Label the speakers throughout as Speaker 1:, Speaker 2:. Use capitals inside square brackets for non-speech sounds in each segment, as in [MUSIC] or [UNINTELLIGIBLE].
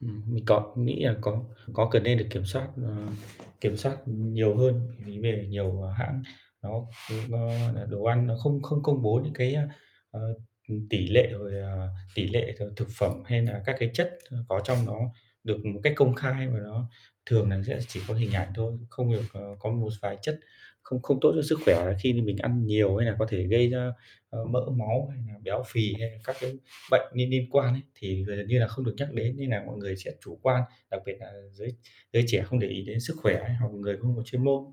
Speaker 1: Ừm, mình có, nghĩ là có có cần nên được kiểm soát, ờ, kiểm soát nhiều hơn [UNINTELLIGIBLE] đề nhiều, ờ, hãng nó nó nó nà đồ ăn nó không không công bố những cái, ơ, ờ, ừm, tỷ lệ rồi, ờ, tỷ lệ thường thực phẩm hay nà các cái chất, ơ, có trong nó được một cách công khai và nó thường là sẽ chỉ có hình ảnh thôi, không được, ờ, có một vài chất không không tốt cho sức khỏe khi mình mình ăn nhiều hay là có thể gây ra, ờ, mỡ máu hay nà béo phì hay là các cái bệnh niên niên quan ấy, thì giờ gần như là không được nhắc đến. Nên nà mọi người sẽ chủ quan, đặc biệt là giới giới trẻ không để ý đến sức khỏe hay hoặc người không có chuyên môn.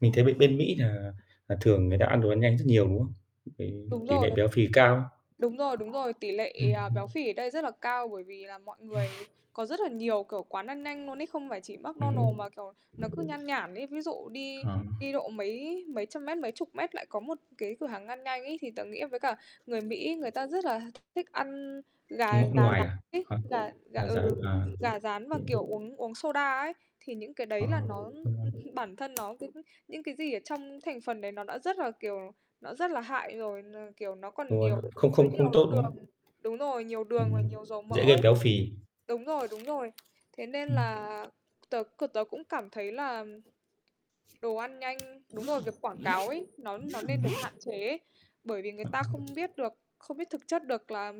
Speaker 1: Mình thấy bên bên Mỹ nà là thường người ta ăn đồ ăn nhanh rất nhiều, đúng không? [UNINTELLIGIBLE]
Speaker 2: Đúng
Speaker 1: Tỷ
Speaker 2: rồi.
Speaker 1: nệ béo phì cao.
Speaker 2: Đúng rồi, đúng rồi, tỷ lệ,
Speaker 1: Ừm,
Speaker 2: à,
Speaker 1: ừm.
Speaker 2: béo phì ở đây rất là cao bởi vì là mọi người có rất là nhiều, kiểu, quán ăn nhanh luôn ấy, không phải chỉ McDonald's
Speaker 1: Ừm.
Speaker 2: mà, kiểu, nó cứ nhan nhản ấy. Ví dụ đi
Speaker 1: Ờ.
Speaker 2: đi độ mấy mấy trăm mét, mấy chục mét lại có một cái cửa hàng ăn nhanh ấy, thì tớ nghĩ à với cả người Mỹ người ta rất là thích ăn gà gà
Speaker 1: Ngọn ngoài
Speaker 2: rán
Speaker 1: à,
Speaker 2: ấy,
Speaker 1: hả?
Speaker 2: gà gà
Speaker 1: Gà rán,
Speaker 2: ừ,
Speaker 1: à.
Speaker 2: gà rán và,
Speaker 1: [UNINTELLIGIBLE]
Speaker 2: kiểu, uống uống soda ấy, thì những cái
Speaker 1: À.
Speaker 2: đấy là nó ưm
Speaker 1: Đúng rồi.
Speaker 2: hưm, bản thân nó [UNINTELLIGIBLE] những cái gì ở trong thành phần đấy nó đã rất là, kiểu, nó rất là hại rồi n kiểu, nó
Speaker 1: Đúng
Speaker 2: còn
Speaker 1: rồi,
Speaker 2: nhiều
Speaker 1: không
Speaker 2: chứa
Speaker 1: không không
Speaker 2: nhiều
Speaker 1: tốt, đúng
Speaker 2: đường
Speaker 1: không?
Speaker 2: đúng rồi, nhiều đường và
Speaker 1: Ừm,
Speaker 2: nhiều dầu mỡ
Speaker 1: dễ gây
Speaker 2: ấy.
Speaker 1: béo phì.
Speaker 2: Đúng rồi, đúng rồi, thế nên
Speaker 1: Ừm.
Speaker 2: là tớ c tớ cũng cảm thấy là đồ ăn nhanh đúng rồi, việc quảng cáo ấy, nó nó
Speaker 1: Ừm.
Speaker 2: nên được hạn chế, bởi vì người ta không
Speaker 1: [UNINTELLIGIBLE]
Speaker 2: biết được không biết thực chất được là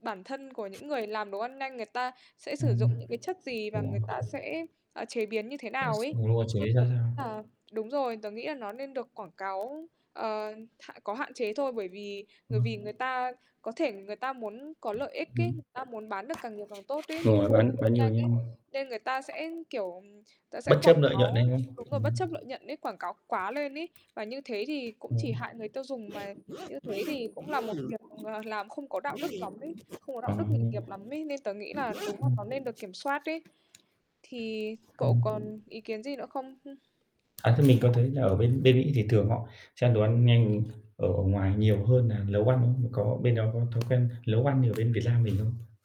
Speaker 2: bản thân của những người làm đồ ăn nhanh, người ta sẽ
Speaker 1: Ừm,
Speaker 2: sử
Speaker 1: ừm.
Speaker 2: dụng những cái chất gì và
Speaker 1: Đúng
Speaker 2: người
Speaker 1: rồi,
Speaker 2: ta
Speaker 1: chuẩn.
Speaker 2: sẽ, à, chế biến như thế
Speaker 1: Sẽ x
Speaker 2: nào ấy,
Speaker 1: ừ, đúng rồi, xử
Speaker 2: nên
Speaker 1: lý ra
Speaker 2: tớ nghĩ
Speaker 1: sao.
Speaker 2: là đúng rồi, tớ nghĩ là nó nên được quảng cáo, ờ, hạn có hạn chế thôi. Bởi vì bởi vì
Speaker 1: Ừm.
Speaker 2: người ta có thể người ta muốn có lợi ích ấy,
Speaker 1: Ừm.
Speaker 2: người ta muốn bán được càng nhiều càng tốt ấy, những
Speaker 1: Đúng
Speaker 2: cái
Speaker 1: rồi. Bán bán
Speaker 2: [UNINTELLIGIBLE]
Speaker 1: nhiều
Speaker 2: nhanh ấy,
Speaker 1: nhanh
Speaker 2: nên người ta sẽ kiểu, ta sẽ
Speaker 1: Bất chấp
Speaker 2: quảng
Speaker 1: lợi nhuận đấy,
Speaker 2: cáo,
Speaker 1: đúng không?
Speaker 2: đúng rồi, bất
Speaker 1: Ừm.
Speaker 2: chấp lợi nhuận ấy, quảng cáo quá lên ấy, và như thế thì cũng chỉ
Speaker 1: Ừm.
Speaker 2: hại người tiêu dùng, mà như thế thì cũng là một việc, ờ, làm không có đạo đức lắm ấy, không có
Speaker 1: À.
Speaker 2: đạo đức nghề
Speaker 1: Ừm.
Speaker 2: nghiệp lắm ấy, nên tớ nghĩ là đúng là nó nên được kiểm soát ấy. Thì cậu
Speaker 1: Ừm.
Speaker 2: còn ý kiến gì nữa không? Hưm.
Speaker 1: À, thế mình có thấy là ở bên bên Mỹ thì thường họ sẽ ăn đồ ăn nhanh ở ở ngoài nhiều hơn nà nấu ăn không? Có bên đó có thói quen nấu ăn như ở bên Việt Lam mình không?